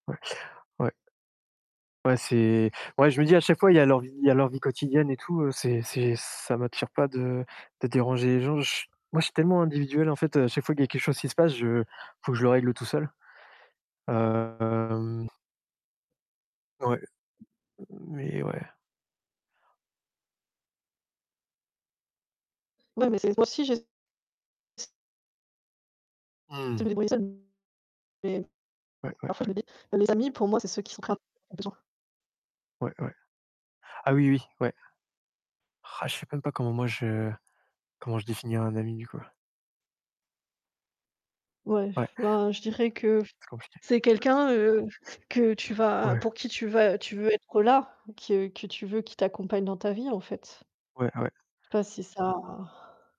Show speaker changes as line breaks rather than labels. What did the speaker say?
Ouais, ouais. Ouais c'est ouais, je me dis à chaque fois, il y a leur vie il y a leur vie quotidienne et tout, heu, c'est c'est, ça m'attire pas de de déranger les gens. J moi, je suis tellement individuel en fait, heu, à chaque fois qu'il y quelque chose qui se passe, je faut que je le règle tout seul. Hem Ouais, mais ouais.
Ouais mais c'est [unintelligible] j'ai s ts C'est
Mmh.
me débrouiller seule. Et
Ouais, ouais,
parfois je
ouais.
me dis: «Les amis pour moi, c'est ceux qui sont [unintelligible] besoin».
Ouais, ouais. Ah oui, oui, oui. Ouais. Ah je sais même pas comment moi je comment je définirais un ami, du coup.
Ouais,
Ouais.
bah je dirais que f
C'est compliqué.
c'est quelqu'un, heu, que tu vas
Ouais.
pour qui tu vas tu veux être là. Que que tu veux qu'il t'accompagne dans ta vie, en fait.
Ouais ouais.
Pas si ça